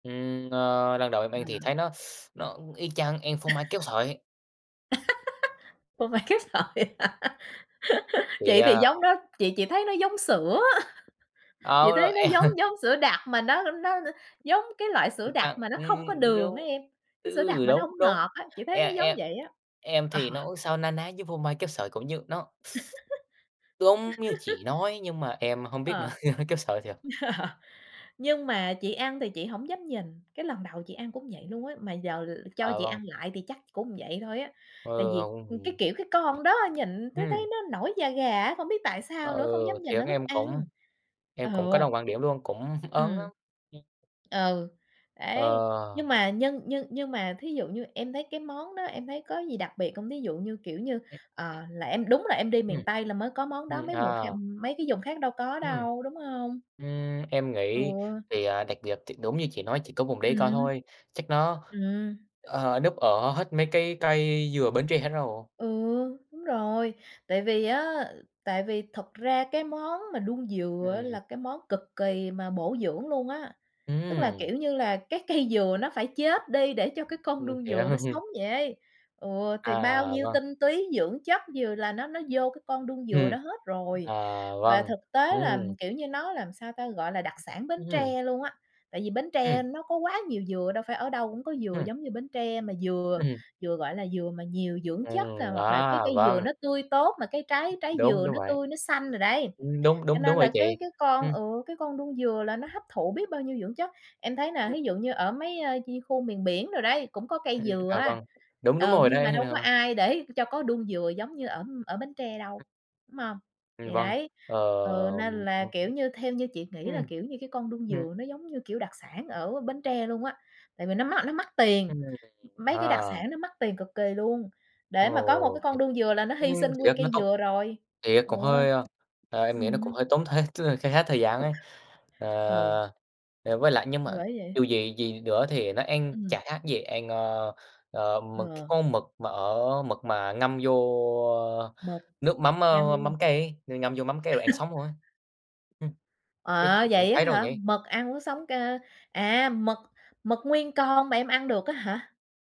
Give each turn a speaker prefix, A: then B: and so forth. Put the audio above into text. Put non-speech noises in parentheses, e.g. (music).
A: Ừm, ờ, lần đầu em ăn thì
B: À!
A: thấy nó (sucks teeth) nó y chang ăn phô mai kéo
B: (laughs)
A: sợi.
B: (laughs) Phô mai kéo sợi hả? (laughs)
A: Vậy
B: Chị thì
A: à?
B: giống đó, chị chị thấy nó giống sữa. (chuckles) Chị thấy
A: Ờ,
B: nó giống
A: ăn
B: giống sữa đặc mà nó n nó nó giống cái loại sữa
A: Ừm
B: đặc
A: ăn,
B: mà nó không có
A: ưm,
B: đường đó
A: đúng.
B: em. Cái sữa đặc
A: Ừ,
B: mà nó
A: đúng
B: hổng
A: đúng.
B: ngọt á, chị thấy
A: E
B: nó
A: em
B: giống
A: em
B: vậy á.
A: em
B: Ờ.
A: thì nó cũng sao na ná với phô mai kéo sợi cũng như nó (sucks teeth) đúng, như chị
B: (laughs)
A: nói, nhưng mà em hông biết nữa.
B: Ờ.
A: (laughs) Kéo sợi thiệt.
B: Ờ. Nhưng mà chị ăn thì chị hổng dám nhìn. Cái lần đầu chị ăn cũng vậy luôn á, mà giờ cho
A: À,
B: chị
A: vâng.
B: ăn lại thì chắc cũng vậy thôi á. Tại
A: Ờ,
B: vì,
A: hông,
B: ừm, cái
A: ừm.
B: kiểu cái con đó nhìn thấy thấy
A: Ừm.
B: nó nổi da gà á, không biết tại sao
A: Ờ,
B: nữa. Không dám nhìn nó
A: thiệt
B: lúc
A: em
B: ăn.
A: cũng em
B: Ừ.
A: cũng có đồng quan điểm luôn, cũng ớn
B: Ừm.
A: lắm. Ừm.
B: Ừ. Đấy. Nhưng
A: Ờ!
B: mà nhưng nhưng nhưng mà thí dụ như em thấy cái món đó, em thấy có gì đặc biệt hông? Thí dụ như kiểu như, ờ,
A: Ừm.
B: là em đúng là em đi miền
A: Ừm.
B: Tây là mới có món
A: Ừm,
B: đó, mấy mùng
A: à!
B: kha ừm, mấy cái vùng khác đâu có
A: Ừm.
B: đâu, đúng hông?
A: Ưm, em nghĩ,
B: Ừ.
A: thì, à, đặc biệt, thì đúng như chị nói chỉ có vùng đấy có
B: Ừm.
A: thôi. Chắc nó,
B: Ừm.
A: ờ, núp ở hết mấy cái cây dừa Bến Tre hết rồi.
B: Ừ, đúng rồi. Tại vì á, tại vì thật ra cái món mà đuông dừa á
A: Ừm.
B: là cái món cực kỳ mà bổ dưỡng luôn á. Tức là,
A: Ừm!
B: kiểu như là, cái cây dừa nó phải chết đi để cho cái con
A: Ừm,
B: đuông
A: hiểu.
B: dừa nó sống
A: (chuckles)
B: dậy. Ừ. Thì bao
A: À,
B: nhiêu
A: vâng.
B: tinh túy, dưỡng chất dừa là nó nó vô cái con đuông dừa
A: Ừm.
B: đó hết rồi.
A: À,
B: Và
A: vâng.
B: thực tế
A: Ừm.
B: là, kiểu như nó làm sao ta? Gọi là đặc sản Bến
A: Ừm.
B: Tre luôn á. Tại vì Bến
A: Ừm.
B: Tre nó có quá nhiều dừa, đâu phải ở đâu cũng có dừa
A: Ừm.
B: giống như Bến Tre. Mà dừa
A: Ừm.
B: dừa gọi là dừa mà nhiều dưỡng chất, à,
A: Ừm.
B: hoặc là cái
A: À!
B: cây dừa
A: Vâng.
B: nó tươi tốt mà cái trái trái
A: Đúng,
B: dừa
A: đúng
B: nó
A: vậy.
B: tươi nó xanh rồi đấy.
A: Ừm, đúng,
B: Cho
A: đúng, đúng
B: nên
A: rồi
B: là
A: chị.
B: cái cái con,
A: Ừm.
B: ừ, cái con đuông dừa là nó hấp thụ biết bao nhiêu dưỡng chất. Em thấy nè,
A: (unintelligible)
B: thí dụ như ở mấy, ơ, như khu miền biển đồ đấy, cũng có cây
A: Ừm.
B: dừa
A: À,
B: á,
A: vâng. Đúng, đúng
B: ừ,
A: rồi
B: nhưng mà
A: đấy.
B: đâu có
A: (unintelligible)
B: ai để cho có đuông dừa giống như ở ở Bến Tre đâu, đúng hông?
A: Ừm,
B: Thì
A: vâng.
B: đấy,
A: Ờ,
B: ừ, nên là, kiểu như, theo như
A: (unintelligible)
B: chị nghĩ là,
A: ừm.
B: kiểu như, cái con đuông
A: Ừm.
B: dừa nó giống như, kiểu, đặc sản ở Bến Tre luôn á. Tại vì nó mắc nó mắc tiền,
A: Ừm.
B: mấy cái đặc
A: Ờ.
B: sản nó mắc tiền cực kỳ luôn. Để mà có một
A: Ồ,
B: cái con
A: thiệt!
B: đuông dừa là nó
A: Ừm,
B: hi sinh nguyên
A: thiệt nó
B: cây
A: tốn.
B: dừa rồi.
A: Thiệt
B: Ừ.
A: cũng hơi, a, à, em nghĩ nó cũng
B: Ừm.
A: hơi tốn thiệt, tức là kha khá thời gian ấy. À,
B: Ừ.
A: ờ, với lại nhưng
B: Thì
A: mà
B: bởi vậy.
A: dù gì gì nữa thì nó ăn
B: Ừm.
A: chả khác gì ăn, ơ, ơ, mực c cái
B: Ờ.
A: con mực mà ở mực mà ngâm vô
B: Mực.
A: nước mắm, ơ,
B: Ngâm.
A: mắm cay ấy, ngâm vô mắm cay rồi ăn
B: (laughs)
A: sống luôn ấy. Ừm. Chắc chị
B: À!
A: cũng
B: Vậy á
A: thấy rồi
B: hả?
A: nhỉ?
B: Mực ăn uống sống cơ, à, mực mực nguyên con mà em ăn được á hả?